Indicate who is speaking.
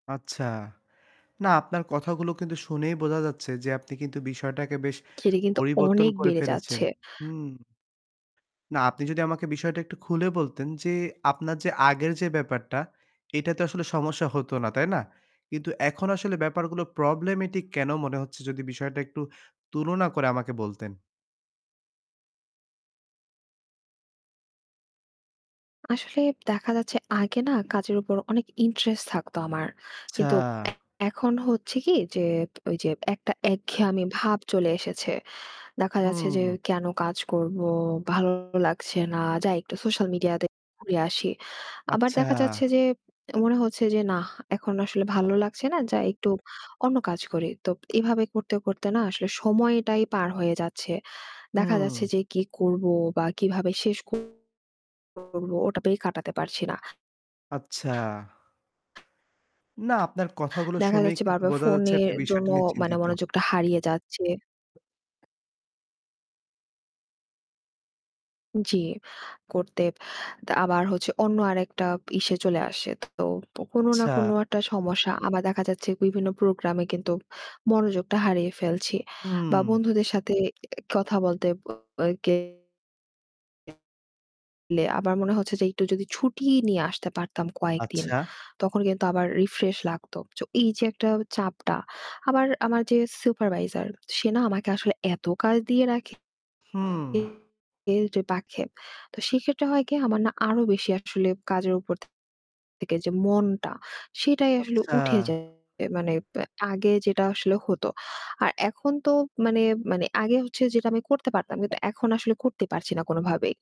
Speaker 1: আচ্ছা। না, আপনার কথাগুলো কিন্তু শুনেই বোঝা যাচ্ছে যে, আপনি কিন্তু বিষয়টাকে বেশ
Speaker 2: সেটি কিন্তু
Speaker 1: পরিবর্তন
Speaker 2: অনেক
Speaker 1: করে
Speaker 2: বেড়ে
Speaker 1: ফেলেছেন।
Speaker 2: যাচ্ছে।
Speaker 1: হুম। না, আপনি যদি আমাকে বিষয়টা একটু খুলে বলতেন যে, আপনার যে আগের যে ব্যাপারটা, এটাতে আসলে সমস্যা হতো না, তাই না? কিন্তু এখন আসলে ব্যাপারগুলো problematic কেন মনে হচ্ছে? যদি বিষয়টা একটু তুলনা করে আমাকে বলতেন।
Speaker 2: আসলে দেখা যাচ্ছে, আগে না কাজের উপর অনেক interest থাকতো আমার। কিন্তু
Speaker 1: আচ্ছা।
Speaker 2: এখন হচ্ছে কি যে ঐযে একটা একঘেয়েমি ভাব চলে এসেছে। দেখা যাচ্ছে যে,
Speaker 1: হুম।
Speaker 2: "কেন কাজ করবো? ভালো লাগছে না। যাই একটু social media তে ঘুরে আসি।" আবার
Speaker 1: আচ্ছা।
Speaker 2: দেখা যাচ্ছে যে, এমনও হচ্ছে যে, "না! এখন আসলে ভালো লাগছে না। যাই একটু অন্য কাজ করি।" তো প এভাবে করতে, করতে না আসলে সময়টাই পার হয়ে যাচ্ছে। দেখা যাচ্ছে
Speaker 1: হুম।
Speaker 2: যে, "কি করবো বা কিভাবে শেষ ক করব!" ওটাতেই কাটাতে পারছি না।
Speaker 1: আচ্ছা। না, আপনার কথাগুলো
Speaker 2: দেখা
Speaker 1: শুনেই
Speaker 2: যাচ্ছে
Speaker 1: কিন্তু
Speaker 2: বারবার
Speaker 1: বোঝা যাচ্ছে
Speaker 2: ফোনের
Speaker 1: আপনি
Speaker 2: জন্য
Speaker 1: বিষয়টা নিয়ে
Speaker 2: মানে
Speaker 1: চিন্তিত।
Speaker 2: মনোযোগটা হারিয়ে যাচ্ছে। জি। করতে তা আবার হচ্ছে অন্য আরেকটা ইসে চলে আসে। তো কোনো না কোনো
Speaker 1: আচ্ছা।
Speaker 2: একটা সমস্যা, আবার দেখা যাচ্ছে বিভিন্ন program-এ কিন্তু মনোযোগটা হারিয়ে ফেলছি বা
Speaker 1: হুম।
Speaker 2: বন্ধুদের সাথে এ কথা বলতে [unintelligible] গে লে আবার মনে হচ্ছে যে, "একটু যদি ছুটি নিয়ে আসতে পারতাম কয়েকদিন,
Speaker 1: আচ্ছা?
Speaker 2: তখন কিন্তু আবার রিফ্রেশ লাগত।" চো এইযে একটা চাপটা, আবার আমার যে supervisor, সে না আমাকে আসলে এত কাজ দিয়ে রাখে
Speaker 1: হুম।
Speaker 2: এ জো রাখে তো সেক্ষেত্রে হয় কি, আমার না আরও বেশি আসলে কাজের উপর থে থেকে যে মনটা, সেটাই আসলে
Speaker 1: আচ্ছা।
Speaker 2: উঠে যায়। এ মানে অ্যা আগে যেটা আসলে হতো, আর এখন তো মানে মানে আগে হচ্ছে যেটা আমি করতে পারতাম, কিন্তু এখন আসলে করতে পারছিনা কোনোভাবেই।